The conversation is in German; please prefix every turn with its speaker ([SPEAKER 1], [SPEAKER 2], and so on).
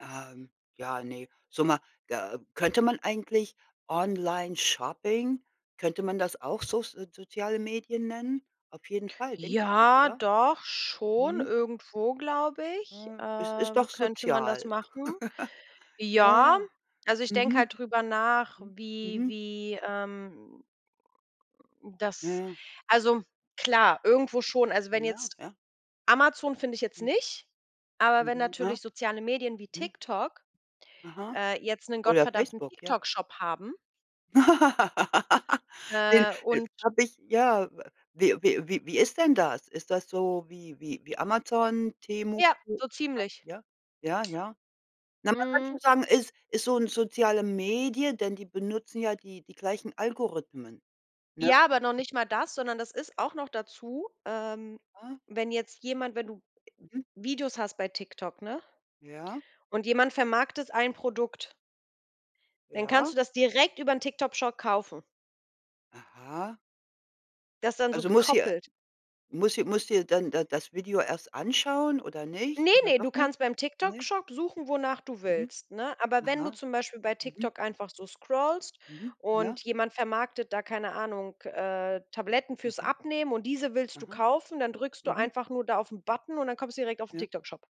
[SPEAKER 1] Ähm, ja, ne. So ma ja, äh, könnte man eigentlich Onlineshopping könnte man das auch Soz Soziale Medien nennen? Auf jeden Fall, denke ich doch,
[SPEAKER 2] Ja,
[SPEAKER 1] oder?
[SPEAKER 2] doch schon.
[SPEAKER 1] Mhm.
[SPEAKER 2] Irgendwo, glaube ich,
[SPEAKER 1] Hm, ist ist
[SPEAKER 2] ähm,
[SPEAKER 1] doch
[SPEAKER 2] könnte man das
[SPEAKER 1] sozial.
[SPEAKER 2] machen.
[SPEAKER 1] Ja, ja.
[SPEAKER 2] Ja, also, ich denke
[SPEAKER 1] Mhm.
[SPEAKER 2] halt drüber nach,
[SPEAKER 1] Hm,
[SPEAKER 2] wie
[SPEAKER 1] mhm.
[SPEAKER 2] wie, ähm
[SPEAKER 1] Ja,
[SPEAKER 2] das
[SPEAKER 1] ja.
[SPEAKER 2] also, klar, irgendwo schon. Also, wenn
[SPEAKER 1] Ja,
[SPEAKER 2] jetzt
[SPEAKER 1] ja.
[SPEAKER 2] Amazon finde ich jetzt
[SPEAKER 1] Hm.
[SPEAKER 2] nicht, aber wenn natürlich
[SPEAKER 1] [unintelligible]
[SPEAKER 2] soziale Medien wie
[SPEAKER 1] .Hm.
[SPEAKER 2] TikTok,
[SPEAKER 1] Aha,
[SPEAKER 2] äh, jetzt 'nen
[SPEAKER 1] oder
[SPEAKER 2] gottverdammten
[SPEAKER 1] Facebook, ja.
[SPEAKER 2] TikTok Shop haben
[SPEAKER 1] Den
[SPEAKER 2] äh,
[SPEAKER 1] das
[SPEAKER 2] und
[SPEAKER 1] habe ich ja. Wie wie wie wie ist denn das? Ist das so wie wie wie Amazon, T-Mobil,
[SPEAKER 2] Ja, so ziemlich.
[SPEAKER 1] ja? Ja, ja, ja. Na, man kann
[SPEAKER 2] Hm.
[SPEAKER 1] schon sagen, es ist so 'ne soziale Medie, denn die benutzen ja die die gleichen Algorithmen, ne?
[SPEAKER 2] Ja, aber noch nicht mal das, sondern das ist auch noch dazu, ähm,
[SPEAKER 1] Ah.
[SPEAKER 2] wenn jetzt jemand wenn du ä
[SPEAKER 1] Mhm.
[SPEAKER 2] Videos hast bei TikTok, ne?
[SPEAKER 1] Ja.
[SPEAKER 2] Und jemand vermarktet ein Produkt dann kannst du
[SPEAKER 1] Ja?
[SPEAKER 2] das direkt über den TikTok Shop kaufen.
[SPEAKER 1] Aha.
[SPEAKER 2] Das ist dann so
[SPEAKER 1] Also, muss sie
[SPEAKER 2] gekoppelt.
[SPEAKER 1] muss sie muss dir dann da das Video erst anschauen oder nicht
[SPEAKER 2] Ne,
[SPEAKER 1] oder
[SPEAKER 2] ne, du
[SPEAKER 1] doch nicht?
[SPEAKER 2] kannst beim TikTok
[SPEAKER 1] Ne?
[SPEAKER 2] Shop suchen, wonach du
[SPEAKER 1] Mhm.
[SPEAKER 2] willst, ne? Aber wenn du
[SPEAKER 1] Aha.
[SPEAKER 2] zum Beispiel bei
[SPEAKER 1] Mhm.
[SPEAKER 2] TikTok einfach so scrollst
[SPEAKER 1] Mhm,
[SPEAKER 2] und
[SPEAKER 1] ja.
[SPEAKER 2] jemand vermarktet da, keine Ahnung, äh, Tabletten für's
[SPEAKER 1] Mhm.
[SPEAKER 2] Abnehmen und diese willst du
[SPEAKER 1] Aha.
[SPEAKER 2] kaufen, dann drückst du
[SPEAKER 1] Mhm.
[SPEAKER 2] einfach nur da auf'n Button und dann kommst du direkt auf'n
[SPEAKER 1] Ja.
[SPEAKER 2] TikTok Shop.